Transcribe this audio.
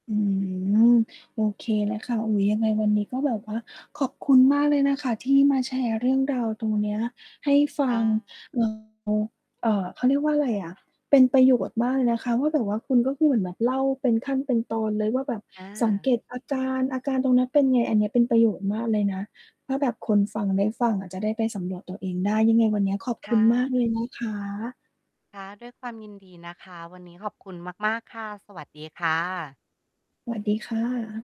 อืม โอเคแลยค่ะ อุ๊ย ยังไงวันนี้ก็แบบว่าขอบคุณมากเลยนะคะ ที่มาแชร์เรื่องราวตรงเนี้ยให้ฟัง อเอ่อ เขาเรียกว่าอะไรอะ เป็นประโยชน์มากเลยนะคะว่า แบบว่าคุณก็คือเหมือนแบบเล่าเป็นขั้นเป็นตอนเลยว่า แบบสังเกา ตอาการ อาการตรงนั้นเป็นไง อันนี้เป็นประโยชน์มากเลยนะ ถ้าแบบคนฟังได้ฟังอาจจะได้ไปสำรวจตัวเองได้ ยังไงวันนี้ขอบคคุ่ณมาะ กเลยนะคะ ค่ะ ด้วยความยินดีนะคะ วันนี้ขอบคุณมาก ๆ ค่ะ สวัสดีค่ะ สวัสดีค่ะ